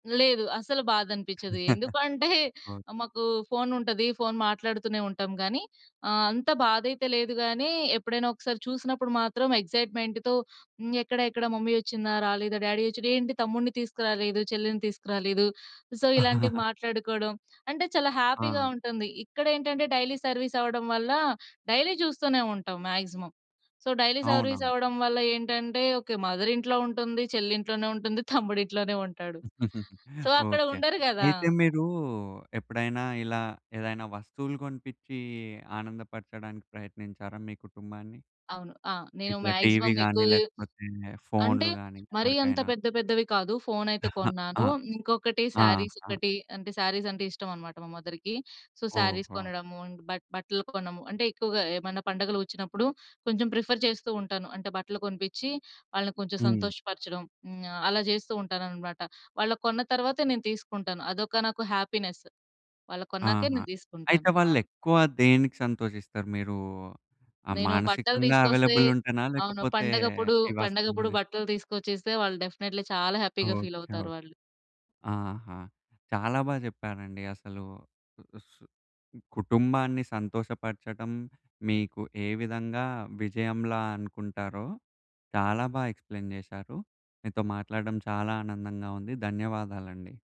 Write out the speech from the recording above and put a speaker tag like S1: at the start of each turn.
S1: లేదు అస్సలు బాధనిపిచ్ఛదు. ఎందుకంటే,
S2: ఓకే.
S1: మాకు ఫోను ఉంటది. ఫోను మాట్లాడుతూనే ఉంటాం గానీ, ఆహ్, అంత బాధైతే లేదు గానీ, ఎప్పుడైనా ఒకసారి చూసినప్పుడు మాత్రం ఎక్సైట్‌మెంట్‌తో హ్మ్. ఎక్కడ ఎక్కడ మమ్మీ వచ్చిందా? రాలేదా? డ్యాడీ వచ్చాడ? ఏంటి తమ్ముడిని తీసుకురాలేదు. చెల్లెని తీసుకురాలేదు. సో ఇలాంటివి మాట్లాడుకోవడం, అంటే చాలా హ్యాపీగా
S2: ఆ!
S1: ఉంటుంది. ఇక్కడ ఏంటంటే డైలీ సర్వీస్ అవ్వడం వల్ల, డైలీ చూస్తూనే ఉంటాం మాక్సిమం. సో డైలీ సర్వీస్
S2: అవునవును.
S1: అవ్వడం వల్ల ఏంటంటే, ఓకే. మదర్ ఇంట్లో ఉంటుంది చెల్లి ఇంట్లోనే ఉంటుంది తమ్ముడు ఇంట్లోనే ఉంటాడు. సో అక్కడ
S2: ఓకే.
S1: ఉండరు గదా!
S2: అయితే మీరు ఎప్పుడైనా ఇలా ఏదైనా వస్తువులు కొనిపిచ్చి ఆనందపరచడానికి ప్రయత్నించారా మీ కుటుంబాన్ని?
S1: అవును. ఆ! నేను
S2: ఇట్లా టీవీ
S1: మాక్సిమం
S2: గాని,
S1: ఎక్కువ
S2: లేకపోతే
S1: అంటే,
S2: ఫోనులు గాని
S1: మరీ అంత
S2: ఎవరికైనా?
S1: పెద్ద పెద్దవి కాదు, ఫోను అయితే కొన్నాను.
S2: ఆ!
S1: ఇంకొకటి సారీస్
S2: ఆహా!
S1: ఒకటి, అంటే సారీస్ అంటే ఇష్టమన్నమాట మా మదర్‌కి. సో సారీస్
S2: ఓహో!
S1: కొనడము, బట్ బట్టలు కొనము అంటే, ఎక్కువగా ఏమన్నా పండుగలు వచ్చినప్పుడు, కొంచెం ప్రిఫర్ చేస్తూంటాను. అంటే బట్టలు కొనిపిచ్చి వాళ్ళని కొంచెం
S2: హ్మ్.
S1: సంతోషపరచడం. హ్మ్. ఆహ్, అలా చేస్తూంటానన్నమాట. వాళ్ళకు కొన్న తర్వాతే నేను తీసుకుంటాను. అదొక నాకు హ్యాపీనెస్. వాళ్ళకు కొన్నాకే
S2: ఆహా!
S1: నేను తీసుకుంటాను.
S2: అయితే
S1: ఆ!
S2: వాళ్లేక్కువ దేనికి సంతోషిస్తారు? మీరు ఆ!
S1: నేను బట్టలు
S2: మానసికంగా
S1: తీసుకొస్తే
S2: అవైలబుల్ ఉంటేనా
S1: అవును.
S2: లేకపోతే
S1: పండగప్పుడు,
S2: ఏ
S1: పండగప్పుడు
S2: వాస్తవంగానా
S1: బట్టలు తీసుకొచ్చిస్తే వాళ్ళు డెఫినేట్‌లీ చాలా హ్యాపీ‌గా ఫీల్
S2: ఓకే. ఓహ్!
S1: అవుతారు వాళ్ళు.
S2: ఆహా! చాలా బా చెప్పారండి అసలు. సు కుటుంబాన్ని సంతోషపరచడం మీకు ఏ విధంగా విజయంలా అనుకుంటారో, చాలా బా ఎక్స్‌ప్లేయిన్ చేశారు. మీతో మాట్లాడడం చాలా ఆనందంగా ఉంది. ధన్యవాదాలండి.